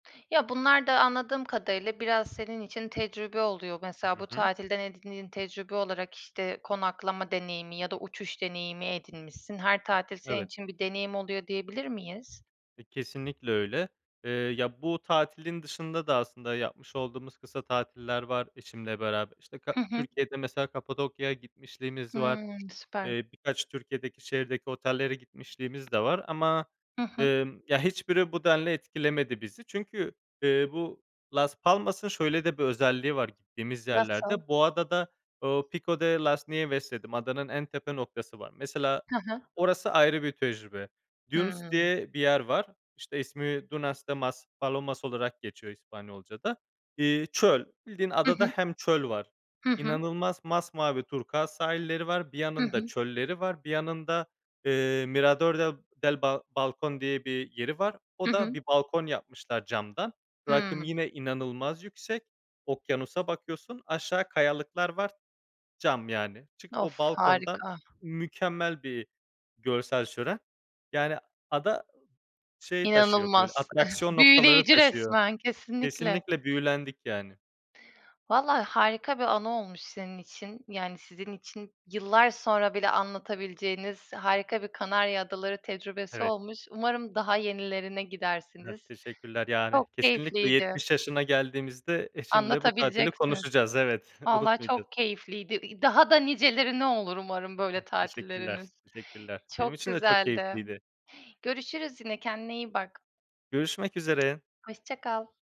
Ya, bunlar da anladığım kadarıyla biraz senin için tecrübe oluyor. Hı Mesela bu hı. tatilden edindiğin tecrübe olarak, işte, konaklama deneyimi ya da uçuş deneyimi edinmişsin. Her tatil senin Evet. için bir deneyim oluyor diyebilir miyiz? E, kesinlikle öyle. Eee, ya, bu tatilin dışında da aslında yapmış olduğumuz kısa tatiller var eşimle beraber. İşte, ka Hı hı. Türkiye'de mesela Kapadokya'ya gitmişliğimiz var. Hımm, süper. Eee, birkaç Türkiye'deki şehirdeki otellere gitmişliğimiz de var ama, Hı hı. emm, ya hiçbiri bu denli etkilemedi bizi çünkü, eee, bu Las Palmas'ın şöyle de bir özelliği var gittiğimiz Nasıl? yerlerde, bu adada, ooo, "Pico de las Nieves" dedim. Adanın en tepe noktası var. Mesela Ha ha. orası ayrı bir tecrübe. Dunes Hımm. diye bir yer var. İşte, ismi, "Dunas de Maspalomas" olarak geçiyor İspanyolcada. İii, çöl. Bildiğin Hı adada hı. hem çöl var, Hı hı. inanılmaz masmavi turkuaz sahilleri var. Bir Hı yanında hı. çölleri var, bir yanında, eee, Mirador del del Bal Balcón diye bir yeri var. Hı O da hı. bir balkon yapmışlar camdan. Rakım Hımm. yine inanılmaz yüksek, okyanusa bakıyorsun, aşağı kayalıklar var, cam yani. Çıkıp Of, o balkondan harika. mükemmel bir görsel şölen, yani, ada ı şey taşıyor, böyle, İnanılmaz! atraksiyon noktaları Büyüleyici taşıyor. resmen, kesinlikle. Kesinlikle büyülendik, yani. Valla harika bir anı olmuş senin için. Yani, sizin için yıllar sonra bile anlatabileceğiniz harika bir Kanarya Adaları tecrübesi Evet. olmuş. Umarım daha yenilerine Evet. gidersiniz. Teşekkürler. Yani, Çok kesinlikle keyifliydi. 70 yaşına geldiğimizde eşimle bu tatili Anlatabileceksiniz. konuşacağız. Evet, Valla unutmayacağız. çok keyifliydi. İ daha da nicelerine olur umarım böyle Teşekkürler, tatilleriniz. teşekkürler. Benim Çok için de çok güzeldi. keyifliydi. Görüşürüz yine. Kendine iyi bak. Görüşmek üzere. Hoşça kal.